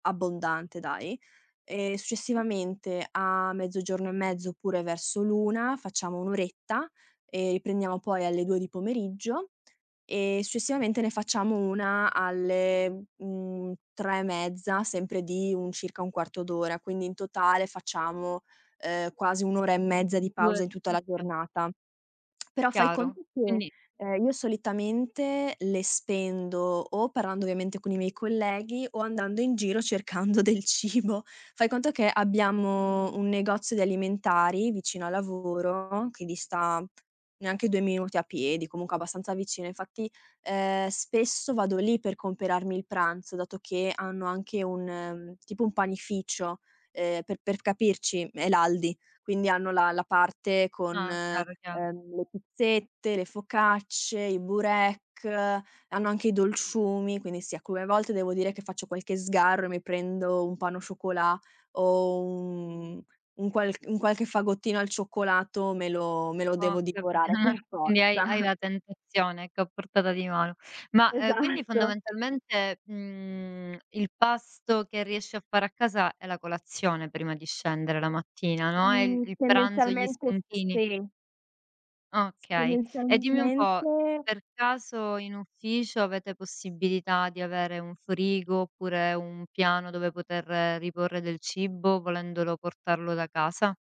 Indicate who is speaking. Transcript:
Speaker 1: Abbondante dai. Ehm,
Speaker 2: Mh.
Speaker 1: successivamente a mezzogiorno e mezzo oppure verso l'1, facciamo 1 oretta e riprendiamo poi alle 2 di pomeriggio, e successivamente ne facciamo 1 alle, mhmm, 3 e mezza, sempre di un circa 1/4 d'ora. Quindi in totale facciamo, ehm, quasi 1 ora e mezza di pausa in tutta
Speaker 2: [unintelligible]
Speaker 1: la
Speaker 2: Okay.
Speaker 1: giornata. Però, fai
Speaker 2: Chiaro,
Speaker 1: conto che,
Speaker 2: quindi
Speaker 1: ehm, io solitamente le spendo o parlando ovviamente con i miei colleghi o andando in giro cercando del cibo. Fai conto che abbiamo un negozio di alimentari vicino al lavoro, che dista neanche 2 minuti a piedi, comunque abbastanza vicino, infatti, ehm, spesso vado lì per comperarmi il pranzo dato che hanno anche un mhmm, tipo un panificio. Ehm, per per capirci, è l'Aldi. Quindi hanno la la parte con,
Speaker 2: Ah, chiaro, chiaro.
Speaker 1: uhm, le pizzette, le focacce, i burek, hanno anche i dolciumi, quindi sì, alcune volte devo dire che faccio qualche sgarro e mi prendo un pain au chocolat, o un un qualc un qualche fagottino al cioccolato me lo me lo
Speaker 2: Ho
Speaker 1: devo
Speaker 2: capi
Speaker 1: divorare per
Speaker 2: quindi hai hai
Speaker 1: forza.
Speaker 2: la tentazione, ecco a portata di mano. Ma, uhm, quindi
Speaker 1: Esatto.
Speaker 2: fondamentalmente, mhmm, il pasto che riesci a fare a casa è la colazione prima di scendere la mattina, no. E il
Speaker 1: Mhmm,
Speaker 2: il pranzo, gli
Speaker 1: tendenzialmente s
Speaker 2: spuntini
Speaker 1: sì. S
Speaker 2: Okay. E dimmi un po',
Speaker 1: tendenzialmente
Speaker 2: per caso in ufficio avete possibilità di avere un frigo, oppure un piano dove poter riporre del cibo volendolo portarlo da casa?